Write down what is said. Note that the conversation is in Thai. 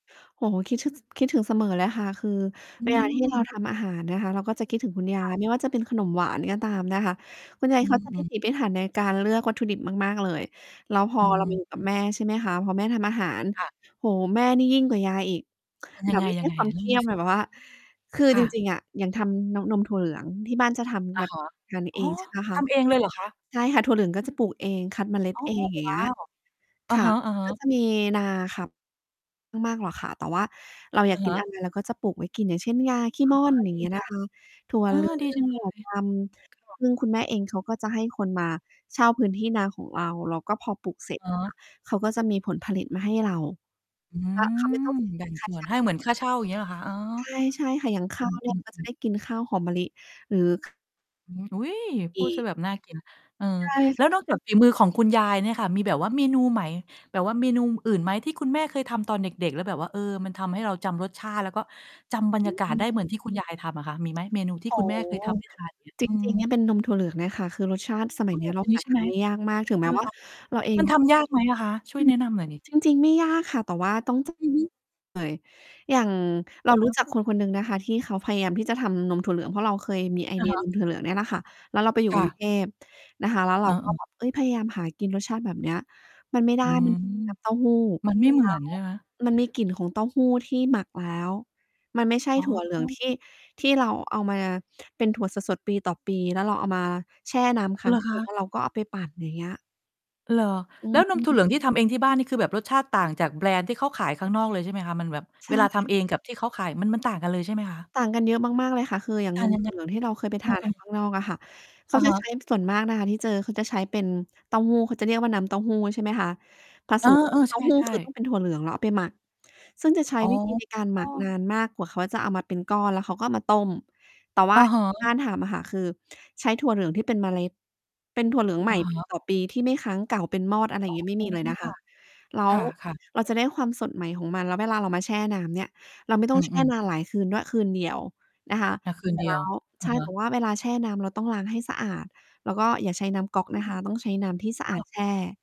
โอ้โฮ คิดถึง คิดถึงเสมอเลยค่ะ คือ อืเวลาที่เรา ม ทำอาหารนะคะ เราก็จะคิดถึงคุณยคา่ะ ย ไม่ว่าจะเป็นขนมหวานก็ตามนะคะ คุณยาอย ืเขาม จะ อืพิม ถีพิถันในการเลือกวัตถุดิบมาก ๆ เลย แล้วพออ ืเรามาอยู่ กับม แม่ ใช่ไหมคะ พอแม่ทำอาหาร ค่ะ โอ้โฮ แม่นี่ยิ่งกว่ายายอีก เป็นยแับงไบ ง? ไม่ใยชั่งไง? ความเลเ่คา ี่มยามสิ อะ แบบว่า คือ คจ่ะ ริง ๆ อะ อย่างทำนม นมถั่วเหลืองที่บ้านจะทอำแะบบ ฮะ ทานอเ๋ออ ง ใช่ ไหมคทะ? ำเองเลยเหรอคะ? ใช่ค่ะ ถั่วเหลืองก็จะปลูกเอง คัดเมล็ดอ๋อ เอง อย่างวเง้ี้าย ว อะค่ะ ฮะ ก็ๆ จะมีนาขับ ไม่มากหรอกค่ะ แต่ว่าเราออยาะกฮกิน ะ อะไร เราก็จะปลูกไว้กิน อย่างเช่น งาขี้ม่ออ๋นอ อย่ดางเงีี้ยจนัะง คะ อ้อ ดีจัง ถเลั่ว เย สะหลือง ถั่วดดวก ำ ซึ่งคุณแม่เองเขาก็จะให้คนมาเช่าพื้นที่นาของเรา แล้วก็พอปลูกเสร็จ อ๋อ เขาก็จะมีผลผลิตมาให้เรา อืแล้วเขาไม่ต้ม องเสียแบเ่งิงนค่สา่วนจ้าง ให้เหมือนค่าเช่าอย่างเงี้ยเหรอคะ? อ๋อ ใช่ ใช่ค่ะ อย่าง ขอ้ืาวอ เนีอ่ืยอ ก็อจืะ อ ได้กินข้าวหอมมะลิ หรือ อืม อุ๊ย! พูดเสียแบบน่ากิน เออ ใชแล่ ้วนอกจากฝีมือของคุณยายเนี่ยค่ะ มีแบบว่าเมนูไหม แบบว่าเมนูอื่นไหมที่คุณแม่เคยทำตอนเด็ก ๆ แล้วแบบว่า เออ มันทำให้เราจำรสชาติ แล้วก็จำบรรอยากาืศไอ ด้เหมือนที่คุณยายทำอะค่ะ มีไหม? เมนูทีโ่อ้คุณแมโ่ฮ เคยทำ ให้ทาน อย่างเงี้ย จอืริง ๆ เนี่ยม เป็นนมถั่วเหลืองเนี่ยค่ะ คือ รสชาติสมอั้ยอ เนี้ยเรา นีห้าใช่ทไหาม? น ได้ยากมาก ถึงแม้ ว่า เราเอมง ันอืทม ำยากไหมอะคะ? ช่วยแนะนำหน่อย สิ จริง ๆ ไม่ยากค่ะ แต่ว่าต้อง เลย อือฮึ อย่าง เอราะฮรู้ะ จักคน คนหนึ่งนะคะ ที่เขาพยายามที่จะทำนมถั่วเหลือง เพราะเราเคยมีไออเะดีฮยะ นมถั่วเหลืองเนี่ยแหละค่ะ แล้วเราไปอยูค่ ก่รุง กระ ุงเทพนะคะ แล้วเอรา า เกอ็อ แบบ เอ๊ย พยายามหากินรสชาติแบบเนี้ย มันไม่ไดอ้ ืมม ัน น้ำเต้าหู้ มันไม่เหแมลื้อนว ใช่ไหม? มันมีกลิ่นของเต้าหู้ที่หมักแล้ว มันไม่ใช่อ๋ถั่วเหลืองอ ที่ ที่เราเอามาเป็นถั่วสด ๆ ปีต่อปี แล้วเราเอามาแช่น้ำค้เหารงอคคืน ะ? แล้วเราก็เอาไปปั่นอย่างเงี้ย เหรอ? อแล้วนมถืั่วม เหลืองที่ทำเองที่บ้าน นี่คือแบบรสชาติต่างจากแบรนด์ที่เขาขายข้างนอกเลยใช่ไหมคะ? มันแบบ ใชเวลาทำเ่ องกับที่เขาขายมัน มันต่างกันเลยใช่ไหมคะ? ต่างกันเยอะมาก ๆ เลยค่ะ คือ อย่างต่านงม ยัถงัไง? ่วเหลืองที่เราเคยไปเอทอ าน เอกัน อ ข้างนอกอะค่ะ เขอาะจฮะะ ใช้ ส่วนมากนะคะที่เจอ เขาจะใช้เป็นเต้าหู้ เขาจะเรียกว่า น้ำเต้าหู้ใช่ไหมคะ? ผเอสอ ม กเ็ออ คือ เตใ้ชา่ หู้ ใชคือต้อ่ งเป็นถั่วเหลืองแล้วเอาไปหมัก ซึ่งจะใช้ อ๋อ วิธี ในการหมักนานมาก กว่าเขาจะเอามาเป็นก้อน แล้วเขาก็เอามาต้ม แต่ว่อา ะอฮย่างที่ ะ บ้านทำอะค่ะ คือ ใช้ถั่วเหลืองที่เป็นเมล็ด เป็นถั่วเหลืองใหอม่ ะฮปี ะ ต่อปีที่ไม่ค้างเก่า เป็นมอด อะไรออย่๋าอ งงี้ ไม่มีเลยนะคค่ะ ะ แล้วค่ะ ๆ เราจะได้ความสดใหม่ของมัน แล้วเวลาเรามาแช่น้ำเนี่ย เราไม่ต้อืองอ แชอ่ือ นานหลายคืนด้วย คืนเดียวนะคะ อา คืนเสรเ็ดจีแลยว ้ว อใชะ่ ฮแต่ะ ว่าเวลาแช่น้ำเราต้องล้างให้สะอาด แล้วก็อย่าใช้น้ำก๊อกอืนะม คะ ต้องใช้น้ำที่สะอค่าดะ แช่